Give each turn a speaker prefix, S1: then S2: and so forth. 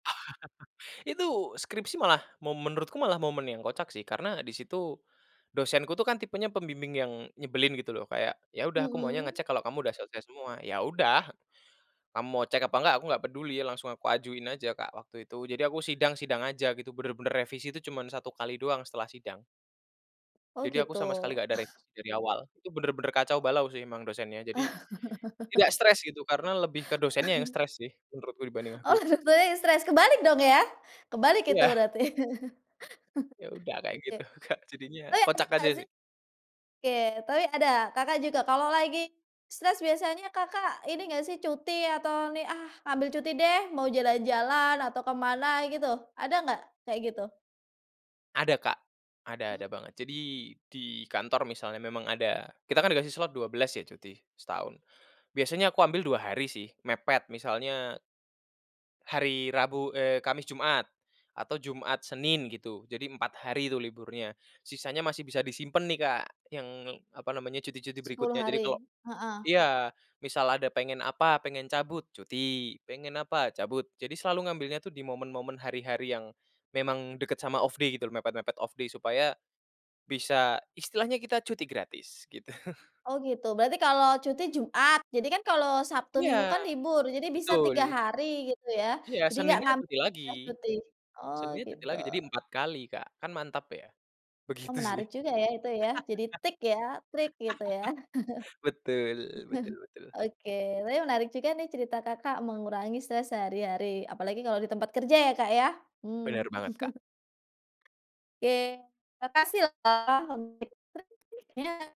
S1: Itu skripsi malah mo menurutku malah momen yang kocak sih karena di situ dosenku tuh kan tipenya pembimbing yang nyebelin gitu loh kayak, "Ya udah aku maunya
S2: Mhm.
S1: ngecek kalau kamu udah selesai semua." "Ya udah, kamu mau cek apa enggak aku nggak peduli," langsung aku ajuin aja, Kak, waktu itu. Jadi aku sidang sidang aja gitu bener-bener revisi tuh cuman 1 kali doang setelah sidang.
S2: Oh
S1: Jadi aku sama sekali
S2: gitu.
S1: gak ada revisi dari awal. Itu bener-bener kacau balau sih emang dosennya. Jadi tidak stres gitu karena lebih ke dosennya yang stres sih menurutku dibanding
S2: Oh
S1: aku.
S2: stres stres kebalik dong ya, kebalik itu
S1: Iya.
S2: berarti.
S1: Ya udah kayak
S2: Oke,
S1: gitu, Kak,
S2: tapi
S1: jadinya
S2: ada
S1: kocak
S2: kena
S1: aja
S2: sih
S1: sih.
S2: oke, tapi ada? Kakak juga kalau lagi stres biasanya Kakak ini enggak sih cuti atau nih, "Ah, ngambil cuti deh," mau jalan-jalan atau kemana gitu, ada nggak kayak gitu?
S1: Ada, Kak, ada
S2: Mmm.
S1: ada banget. Jadi di kantor misalnya memang ada, kita kan dikasih slot 12 ya cuti setahun. Biasanya aku ambil 2 hari sih mepet misalnya hari Rabu eee, Kamis, Jumat, atau Jumat, Senin gitu. Jadi 4 hari tuh liburnya, sisanya masih bisa disimpen nih, Kak, yang apa namanya cuti-cuti
S2: 10
S1: berikutnya. Jadi
S2: hari,
S1: kalau
S2: heeh.
S1: iya, misal ada pengen apa pengen cabut, cuti. Pengen apa, cabut. Jadi selalu ngambilnya tuh di momen-momen hari-hari yang memang deket sama off day gitu loh mepet-mepet off day supaya bisa istilahnya kita cuti gratis gitu.
S2: Oh, gitu. Berarti kalau cuti Jumat, jadi kan kalau Sabtu, Minggu kan
S1: Iya,
S2: libur jadi bisa 3
S1: betul.
S2: hari gitu ya,
S1: Iya,
S2: jadi enggak
S1: Seninnya
S2: ngambil
S1: cuti lagi
S2: jatah cuti, oh
S1: Seninnya cuti
S2: gitu.
S1: lagi. Jadi 4 kali, Kak, kan mantap ya,
S2: Oh,
S1: begitu sih.
S2: menarik juga ya itu ya, jadi tik ya, trik gitu ya.
S1: Betul betul betul.
S2: Oke oke tapi menarik juga nih cerita Kakak mengurangi stres sehari-hari apalagi kalau di tempat kerja ya, Kak, ya, mmm.
S1: Benar banget, Kak.
S2: Oke, makasih loh, Kak. [unintelligible]